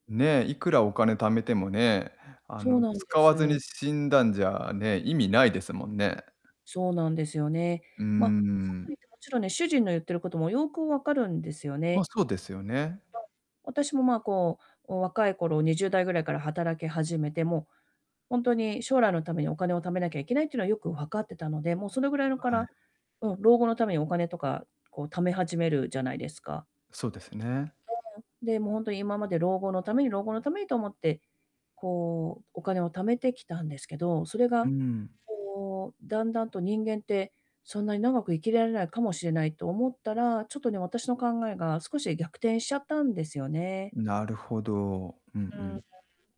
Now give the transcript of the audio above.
ねえ、いくらお金貯めてもね、あそうのなんで使わずにす。死んだんじゃね、意味ないですもんね。そうなんですよね。うーま、かと言ん。ってもちろんね、主人の言ってることもよく分かるんですよま、ね。そうですよね。私もま、こう、お若い頃20代ぐらいから働き始めて、もう、ほんとに将来のためにお金を貯めなきゃいけないっていうのはよく分かってたので、もうそれぐらいのかはい。らうん、老後のためにお金とか、こう貯め始めるじゃないですか。そうですね。で、もう、ほんとに今まで老後のために老後のためにと思って、こうお金を貯めてきたんですけど、それうが、ん。こう段々と人間って、そんなに長く生きられないかもしれないと思ったら、ちょっとね、私の考えが少し逆転しちゃったんですよね。なるほど。うんううーん。ん。